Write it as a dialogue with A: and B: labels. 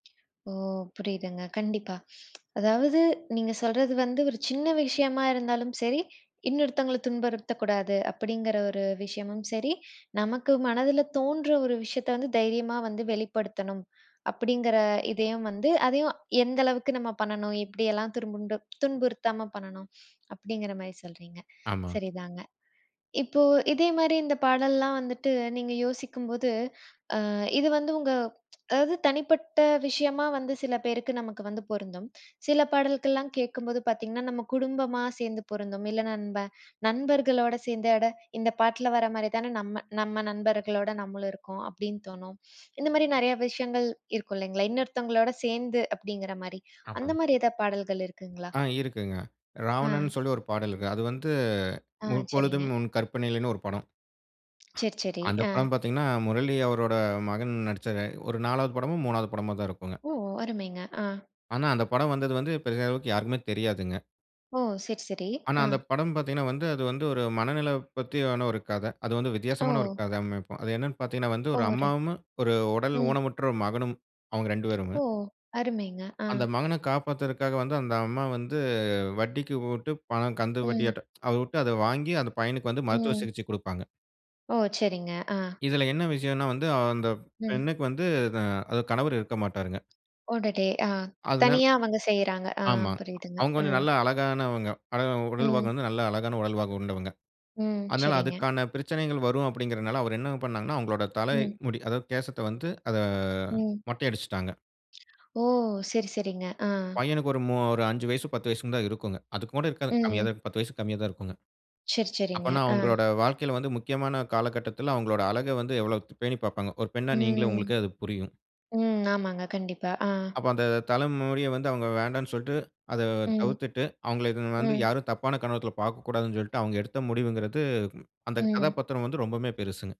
A: ஓ! புரியுதுங்க. கண்டிப்பா. அதாவது நீங்க சொல்றது வந்து ஒரு சின்ன விஷயமா இருந்தாலும் சரி, இன்னொருத்தங்கள துன்புறுத்தக்கூடாது அப்பிடிங்கிற ஒரு விஷயமும் சரி, நமக்கு மனதில தோன்ற ஒரு விஷயத்த வந்து தைரியமா வந்து வெளிப்படுத்தணும், அப்பிடிங்கிற இதையும் வந்து, அதையும் எந்த அளவுக்கு நம்ம பண்ணணும், எப்பிடியெல்லாம் துருமுன்டு துன்புறுத்தாம பண்ணணும், அப்பிடிங்கற மாரி சொல்றீங்க.
B: ஆமா.
A: சரிதாங்க. இப்போ இதேமாரி இந்தப் பாடல்லாம் வந்துட்டு, நீங்க யோசிக்கும்போது, அ இது வந்து உங்க அதாவது தனிப்பட்ட விஷயமா வந்து சில பேருக்கு நமக்கு வந்து பொருந்தும். சில பாடல்கள்லாம் கேட்கும்போது பார்த்தீங்கன்னா, நம்ம குடும்பமா சேர்ந்து பொருந்தும். இல்ல நண்ப நண்பர்களோட சேர்ந்து, "அட இந்த பாட்ல வரமாரிதான நம்ம நம்ம நண்பர்களோட நம்மளும் இருக்கோம்". அப்பிடின்னு தோணும். இந்தமாரி நிறையா விஷயங்கள் இருக்கும் இல்லைங்களா? இன்னொருத்தங்களோட சேர்ந்து அப்பிடிங்கிற மாரி, அந்த
B: ஆமாங்க.
A: மாரி எதா பாடல்கள் இருக்குங்களா?
B: ஆ. இருக்குங்க.
A: அ.
B: ராவணன் சொல்லி ஒரு பாடல்ங்க. அது வந்து
A: ஆ. சரிங்க.
B: முற்பொழுதும் உன் கற்பனையிலேன்னு ஒரு படம்.
A: சரி, சரி.
B: அந்தப்
A: அ.
B: படம் பார்த்தீங்கன்னா, முரளி அவரோட மகன் நடிச்சது. ஒரு 4வது படமோ, 3வது படமோ தான் இருக்குங்க.
A: ஓ! அருமைங்க. ஆ
B: ஆனா, அந்தப் படம் வந்தது வந்து, பெரிய அளவுக்கு யாருக்குமே தெரியாதுங்க.
A: ஓ! சரி, சரி.
B: ஆனா,
A: அ
B: அந்தப் படம் பார்த்தீங்கன்னா வந்து, அது வந்து ஒரு மனநல பத்தியான ஒரு கத. அது வந்து வித்தியாசமான ஒரு
A: ஓ!
B: கத அமைப்பு. அது என்னன்னு பார்த்தீங்கன்னா வந்து
A: ஓ!
B: ஒரு
A: ர
B: அம்மாவுமு, ஒரு உடல்
A: ம்.
B: ஊனமுற்ற ஒரு மகனும் அவுங்க இரண்டு பேருங்க!
A: ஓ! அருமைங்க. ஆ
B: அந்த மகன காப்பாத்துறதுக்காக வந்து அந்த அம்மா வந்து வட்டிக்கு விட்டு பணம் கந்து
A: ம்.
B: வட்டியாட்டம். அத வுட்டு, அத வாங்கி, அந்த பையனுக்கு வந்து மருத்துவ
A: ம்.
B: சிகிச்சை குடுப்பாங்க.
A: ஓ! சரிங்க. ஆ
B: இதில என்ன விஷயன்னா வந்து, அ அந்தப்
A: ம்.
B: பெண்ணுக்கு வந்து இத அதாவது கணவரு இருக்க மாட்டாருங்க.
A: அடடே! அ.
B: அதுதான்.
A: தனியா அவங்க செய்றாங்க. அ
B: ஆமாங்க.
A: புரியுதுங்க.
B: அவுங்க கொஞ்சம்
A: ம்
B: நல்லா அழகானவங்க. அழகா உடல்வாகு
A: ம்.
B: வந்து நல்லா அழகான உடல்வாகு கொண்டவங்க.
A: ம்.
B: அதனால
A: சரிங்க.
B: அதுக்கான பிரச்சனைகள் வரும் அப்படிங்கிறனால, அவரு என்னங்க பண்ணாங்கன்னா, அவங்களோட தலை
A: ம்.
B: முடி அதாவது கேசத்த வந்து அத
A: ம்.
B: மொட்டை அடிச்சிட்டாங்க.
A: ஓ! சரி. சரிங்க. ஆ.
B: பையனுக்கு ஒரு மூ ஒரு 5 வயசு, ஒரு 10 வயசுனுதான் இருக்குங்க. அதுக்கூட இருக்காதுங்க. கம்மியாதான்
A: ம்.
B: இருக்கும், 10 வயசுக்கு கம்மியாதான் இருக்குங்க.
A: சரி. சரிங்க.
B: அப்பன்னா
A: ஆ.
B: அவுங்களோட வாழ்க்கையில வந்து முக்கியமான காலகட்டத்தில அவுங்களோட அழக வந்து எவ்ளோ த் பேணி பாப்பாங்க. ஒரு பெண்ணா நீங்களே,
A: ம்,
B: உங்களுக்கே அது புரியும்.
A: ம், ஆமாங்க. கண்டிப்பா. ஆ.
B: அப்ப அந்த தல முடிய வந்து அவுங்க வேண்டான்னு சொல்ட்டு, அத
A: ம்.
B: தவிர்த்திட்டு, அவுங்கள எதும் வந்து
A: ம்.
B: யாரும் தப்பான கண்ணோட்டத்துல பார்க்கக்கூடாதுனு சொல்லிட்டு, அவுங்க எடுத்த முடிவுங்கிறது அந்த
A: ம்.
B: கதாபாத்திரம் வந்து ரொம்பவுமே பெருசுங்க.